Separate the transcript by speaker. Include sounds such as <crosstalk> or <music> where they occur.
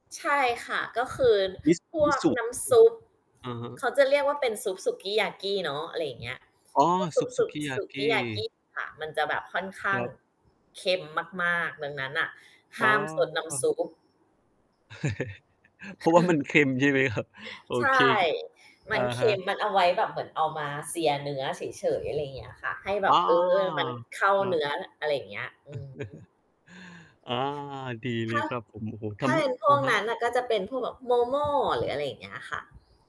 Speaker 1: ใช่ค่ะ ก็คือ
Speaker 2: วิส
Speaker 1: พว
Speaker 2: วิ
Speaker 1: ก
Speaker 2: สุ
Speaker 1: น้ำซุป
Speaker 2: อือ อะฮะ
Speaker 1: เขาจะเรียกว่าเป็นซุปสุกียากี้เนาะ อะไรอย่างเงี้ย
Speaker 2: อ๋อ
Speaker 1: พวกซ
Speaker 2: ซ
Speaker 1: ุ
Speaker 2: ุ
Speaker 1: ป
Speaker 2: ป
Speaker 1: ซ
Speaker 2: ส
Speaker 1: ุ
Speaker 2: ุ
Speaker 1: ป
Speaker 2: กีย
Speaker 1: ส
Speaker 2: า
Speaker 1: ุ
Speaker 2: ก
Speaker 1: ก
Speaker 2: ี
Speaker 1: ียาก
Speaker 2: ้
Speaker 1: ี้ค่ะ มันจะแบบค่อนข้
Speaker 2: ค
Speaker 1: าง
Speaker 2: รับ
Speaker 1: เค็มมาก ๆ ดังนั้นน่ะ
Speaker 2: อ
Speaker 1: ห
Speaker 2: ๋
Speaker 1: ้ามซดน้ำ
Speaker 2: อ
Speaker 1: ซุป
Speaker 2: <laughs> เพราะว่ามันเค็มใช่ไหมครับ? โ
Speaker 1: <chuckles>
Speaker 2: อ
Speaker 1: ใช
Speaker 2: เค
Speaker 1: ่ ม
Speaker 2: อ
Speaker 1: ั
Speaker 2: ะ
Speaker 1: นเค
Speaker 2: ฮ
Speaker 1: ็
Speaker 2: ะ
Speaker 1: ม มันเอาไว้แบบเหมือนเอามา sear เนื้อเฉย ๆ อะไรอย่างเงี้ยค่ะ ให้แบ
Speaker 2: อ้อ
Speaker 1: บ เออ มันเข้า
Speaker 2: ครั
Speaker 1: เน
Speaker 2: บ
Speaker 1: ื้อ อะไรอย่างเงี้ย อือ
Speaker 2: <chuckles>
Speaker 1: ฮึ
Speaker 2: อา ดีเ
Speaker 1: ถ
Speaker 2: ล
Speaker 1: ้
Speaker 2: ย
Speaker 1: า
Speaker 2: ครับผม โอ้โฮ ท
Speaker 1: ถ้า
Speaker 2: ำม
Speaker 1: เ
Speaker 2: ึ
Speaker 1: ป็นพ
Speaker 2: อ
Speaker 1: ว
Speaker 2: ะ
Speaker 1: ก
Speaker 2: ฮ
Speaker 1: นั
Speaker 2: ะ
Speaker 1: ้นน่ะ ก็จะเป็นพวกแบบ Momo หรืออะไรอย่างเงี้ยค่ะ